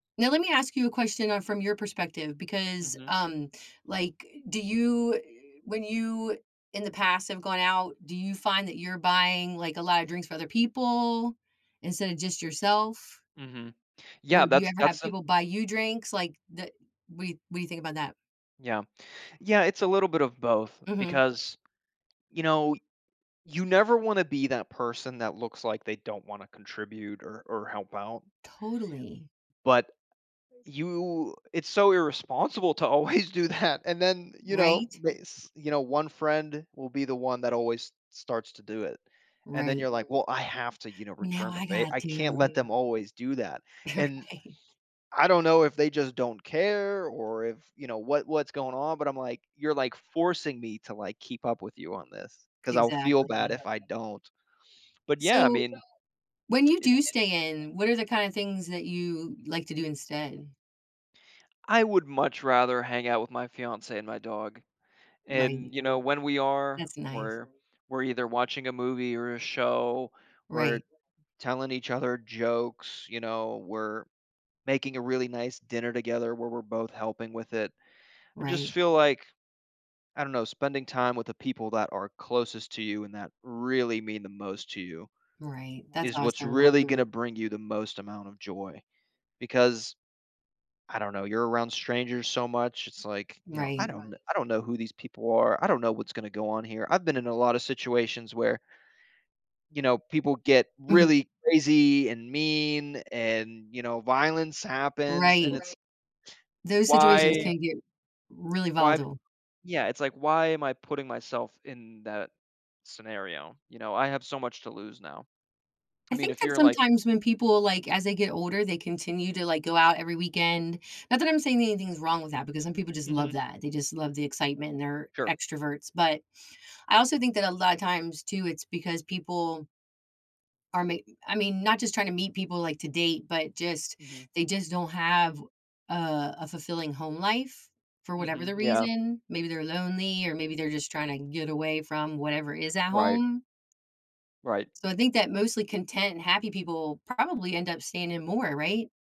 Now, let me ask you a question, uh, from your perspective because, Mhm. um, like, do you eh when you in the past, have gone out, do you find that you're buying, like, a lotta drinks for other people instead of just yourself Mhm. Yeah, Or, do you that's ever have that's an people buy you drinks? Like, the what what do you think about that? Yeah. Yeah, it's a little bit of both, Mhm. because, you know, you never wanna be that person that looks like they don't wanna contribute or or help out Totally. but, you it's so irresponsible to always do that, and then, you know Right? bas you know, one friend will be the one that always s starts to do it. And then Right. you're like, "Well, I have to, you know, Well, now return the I favor, got I can't to. let them always do that", You're and right. I don't know if they just don't care or if you know, what what's going on, but I'm like, "You're, like, forcing me to, like, keep up with you on this 'cause I'll feel bad Exactly. if I don't." But, yeah, I So, mean, when you it do stay in, what are the kinda things that you like to do instead? I would much rather hang out with my fiancé and my dog. Right. And, you know, when we are, That's nice. we're we're either watching a movie or a show. We're Right. telling each other jokes, you know? We're making a really nice dinner together, where we're both helping with it. I just Right. feel like, I don't know, spending time with the people that are closest to you, and that really mean the most to you, Right, that's is what's awesome. really gonna bring you the most amount of joy, because, I don't know, you're around strangers so much. It's like, you know, "I Right. don't know I don't know who these people are. I don't know what's gonna go on here." I've been in a lotta situations where you know, people get Mhm. really crazy and mean and, you know, violence happens, and Right. it's Those situations why can get really why volatile. yeah, it's like, "Why am I putting myself in that scenario? You know, I have so much to lose now." I I mean, think if that you're like sometimes when people, like, as they get older, they continue to, like, go out every weekend not that I'm saying anything's wrong with that because some people just love Mhm. that, they just love the excitement and they're Sure. extroverts, but, I also think that a lotta times too, it's because people are mee I mean, not just trying to meet people, like, to date, but just Mhm. they just don't have, uh, a fulfilling home life for whatever the Mhm, yeah. reason. Maybe they're lonely or maybe they're just tryna get away from whatever is at Right. home. Right. So, I think that mostly content and happy people probably end up staying in more, right?